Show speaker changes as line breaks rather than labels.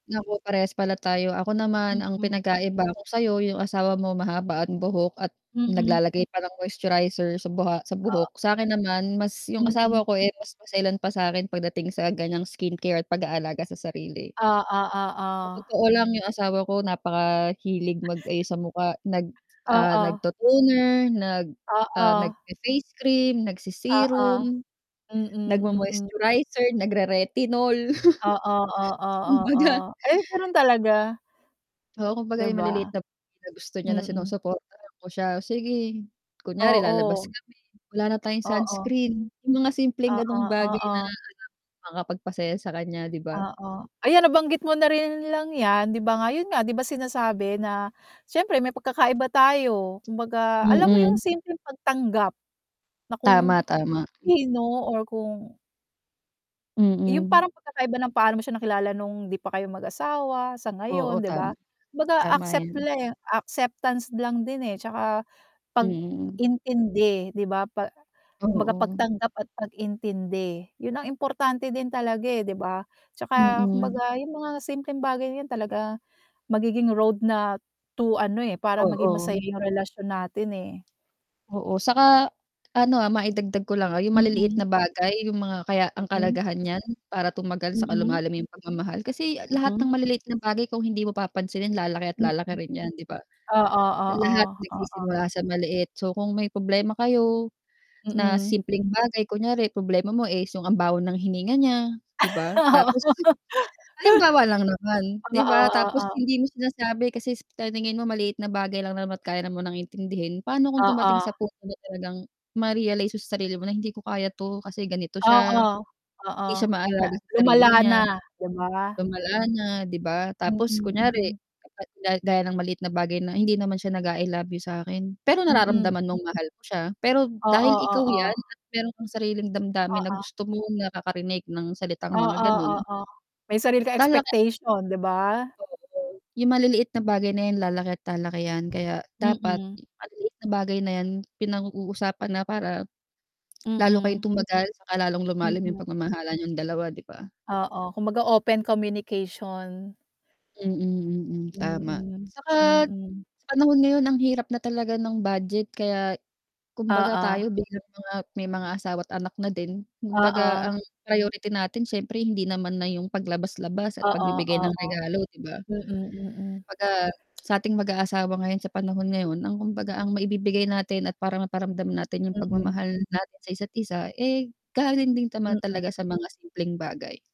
Naku, parehas pala tayo. Ako naman ang
Mm.
pinagkaiba ko sa'yo yung asawa mo mahaba ang buhok at
Mm.
naglalagay pa ng moisturizer sa buha sa
O
buhok, sa'kin naman mas yung asawa
Mm.
ko, eh, mas maselan pa sa'kin pagdating sa ganiyang skincare at pag-aalaga sa sarili.
Oo,
Sa
oo.
totoo lang yung asawa ko napakahilig
[unintelligible]
mag-ayos sa mukha nag, ah,
Oo.
nag-to-toner, nag, ah,
Oo.
nagfe-face cream,
Oo.
nagse-serum.
Mm, mm.
nagmo-moisturizer, nagre-retinol.
Oo, oo, oo,
Kumbaga
ay, gano'n talaga.
oo,
'Di
kumbaga yung maliliit
ba?
na bagay na gusto niya na
Mm.
sinusuportahan ko siya, sige. Kunyari lalabas
Oo.
kami, "Wala na tayong
Oo.
sunscreen." Yung mga simpleng
Oo,
gano'ng bagay na alam
oo.
mong makakapagpasaya sa kanya 'di ba?
Oo, ayan nabanggit mo na rin lang yan 'di ba nga, 'yun nga 'di ba sinasabi na siyempre may pagkakaiba tayo. Kumbaga alam mo yung
Mm.
simpleng pagtanggap, na kung,
Tama, tama. Hmm.
sino or kung yung
Mm.
parang pagkakaiba ng paano mo siya nakilala nung hindi pa kayo mag-asawa sa
Oo,
ngayon 'di
tama.
ba? Kumbaga
Tama
accept
yan.
le acceptance lang din, eh, 'tsaka
Mm.
pag-intindi 'di ba, pa kumbaga
Oo.
pagtanggap at pag-intindi, 'yun ang importante din talaga, eh, 'di ba? 'Tsaka
Mm.
kumbaga yung mga simpleng bagay na 'yan talaga, magiging road na to ano, eh, para maging masaya
Oo.
yung relasyon natin, eh.
Oo, 'saka ano, ah, maidagdag ko lang, ah, yung maliliit
Mm.
na bagay yung mga kaya ang
Mm.
kahalagahan niyan para tumagal 'saka
Mm.
lumalim yung pagmamahal, kasi lahat
Mm.
ng maliliit na bagay kung hindi mo papansinin lalaki at
Mm.
lalaki rin yan 'di ba?
Oo,
Lahat
oo, oo.
nagsisimula sa maliit so kung may problema kayo, na
Mm.
simpleng bagay, kunyari problema mo is yung ang baho ng hininga niya, 'di ba? Tapos
Oo.
halimbawa lang naman 'di ba?
Oo,
Tapos
oo.
hindi mo sinasabi kasi sa paningin mo maliit na bagay lang naman at kaya na munang intindihin, paano kung dumating
Oo.
sa punto na talagang, ma-realize mo sa sarili mo na, "Hindi ko kaya 'to kasi ganito
Oo,
siya, hindi
oo.
siya
Na
maalaga sa
lumala
sarili niya."
na, 'di ba?
Lumala na 'di ba,
Mm,
tapos kunyari,
mm.
kapag ga gaya ng maliit na bagay na, "Hindi naman siya nag-a-I love you sa'kin." Pero
Mm.
nararamdaman mong mahal mo siya pero
Oo,
dahil ikaw yan
oo.
at mayro'n kang sariling damdamin na
Oo.
gusto mong nakakarinig ng salitang
Oo,
mga gano'n
oo. May sarili ka
lalaki
expectation 'di ba?
oo, yung maliliit na bagay na yan lalaki at lalaki yan kaya dapat,
Mm.
maliliit na bagay na yan pinag-uusapan na para, lalo kayong
Mm.
tumagal 'saka lalong lumalim yung
Mm.
pagmamahalan niyong dalawa 'di ba?
Oo, kumbaga, open communication.
Mm, mm, tama.
Mm,
'Saka,
mm.
sa panahon ngayon ang hirap na talaga ng budget kaya, kumbaga
Oo.
tayo bilang mga may mga asawa at anak na din, kumbaga
Oo.
ang priority natin siyempre hindi naman na yung paglabas-labas at
Oo,
pagbibigay ng
oo.
regalo 'di ba?
Mm, mm.
Kumbaga, sa ating mag-aasawa ngayon sa panahon
Mm.
ngayon ang kumbaga ang maibibigay natin at parang maparamdam natin yung
Mm.
pagmamahal natin sa isa't isa, eh, galing din tama
Mm.
talaga sa mga simpleng bagay.